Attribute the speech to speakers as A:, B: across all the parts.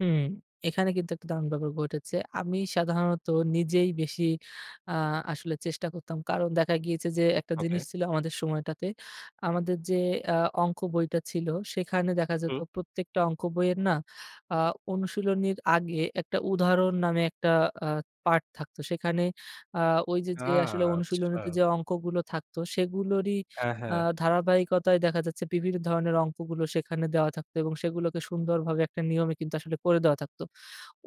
A: হু, এখানে কিন্তু একটা দারুন ব্যাপার ঘটেছে। আমি সাধারণত নিজেই বেশি আ আসলে চেষ্টা করতাম। কারণ, দেখা গিয়েছে যে একটা জিনিস
B: ওকে।
A: ছিল আমাদের সময়টাতে। আমাদের যে আ অংক বইটা ছিল সেখানে দেখা যেত
B: হুম।
A: প্রত্যেকটা অংক বইয়ের না আ অনুশীলনীর আগে একটা উদাহরণ নামে একটা আ পার্ট থাকতো। সেখানে আ ওই যে,
B: আ
A: যে, আসলে অনুশীলনীতে
B: আচ্ছা।
A: যে অংকগুলো থাকতো সেগুলোরই
B: হ্যাঁ,
A: আ
B: হ্যাঁ।
A: ধারাবাহিকতায় দেখা যাচ্ছে বিভিন্ন ধরনের অংকগুলো সেখানে দেওয়া থাকতো। এবং সেগুলোকে সুন্দরভাবে একটা নিয়মে কিন্তু আসলে করে দেওয়া থাকতো।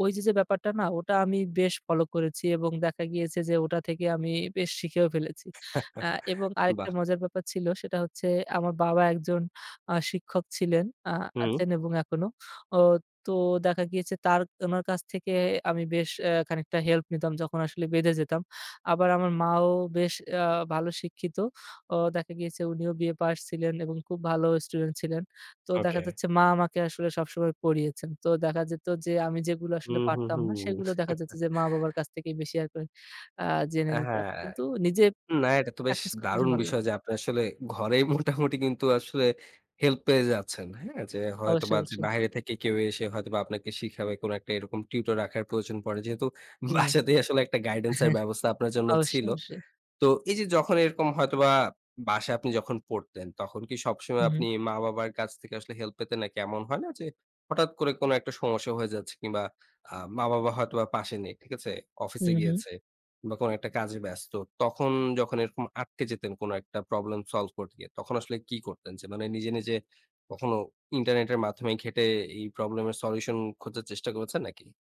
A: ওই যে, যে, ব্যাপারটা না ওটা আমি বেশ ফলো করেছি। এবং দেখা গিয়েছে যে ওটা থেকে আমি বেশ শিখেও ফেলেছি। আ এবং আরেকটা
B: বাহ!
A: মজার ব্যাপার ছিল সেটা হচ্ছে আমার বাবা একজন আ শিক্ষক ছিলেন। আ
B: হুম।
A: আছেন এবং এখনো। ও তো দেখা গিয়েছে তার, উনার কাছ থেকে আমি বেশ এ্যা খানিকটা হেল্প নিতাম যখন আসলে বেঁধে যেতাম। আবার আমার মাও বেশ আ ভালো শিক্ষিত। ও দেখা গিয়েছে উনিও B A পাস ছিলেন এবং খুব ভালো স্টুডেন্ট ছিলেন। তো দেখা
B: ওকে।
A: যাচ্ছে মা আমাকে আসলে সবসময় পড়িয়েছেন। তো দেখা যেত যে আমি যেগুলো আসলে
B: হুম, হুম,
A: পারতাম না
B: হুম।
A: সেগুলো দেখা যাচ্ছে যে মা-বাবার কাছ থেকে বেশি আরকি আ জেনে
B: অ্যা
A: নিতাম।
B: হ্যাঁ।
A: কিন্তু নিজে
B: না এটা তো বেশ
A: প্র্যাকটিস করতে বেশি
B: দারুণ
A: ভালো
B: বিষয়
A: লাগতো।
B: যে আপনি আসলে ঘরেই মোটামুটি কিন্তু আসলে হেল্প পেয়ে যাচ্ছেন। হ্যাঁ? যে
A: অবশ্যই,
B: হয়তোবা যে
A: অবশ্যই।
B: বাহিরে থেকে কেউ এসে হয়তোবা আপনাকে শিখাবে কোন একটা এরকম টিউটর রাখার প্রয়োজন পড়ে। যেহেতু
A: উ
B: বাসাতেই আসলে একটা গাইডেন্স এর ব্যবস্থা আপনার জন্য
A: অবশ্যই,
B: ছিল।
A: অবশ্যই।
B: তো এই যে যখন এরকম হয়তোবা বাসায় আপনি যখন পড়তেন। তখন কি
A: উ,
B: সবসময়
A: হুম।
B: আপনি মা-বাবার কাছ থেকে আসলে হেল্প পেতেন? নাকি এমন হয় না যে হঠাৎ করে কোন একটা সমস্যা হয়ে যাচ্ছে কিংবা আ মা-বাবা হয়তোবা পাশে নেই। ঠিক আছে?
A: হু,
B: অফিসে
A: হু।
B: গিয়েছে বা কোন একটা কাজে ব্যস্ত। তখন যখন এরকম আটকে যেতেন কোন একটা প্রবলেম সলভ করতে গিয়ে। তখন আসলে কী করতেন? যে মানে নিজে, নিজে, কখনো ইন্টারনেটের মাধ্যমে ঘেটে এই প্রবলেম এর সলিউশন খোঁজার চেষ্টা করেছেন নাকি?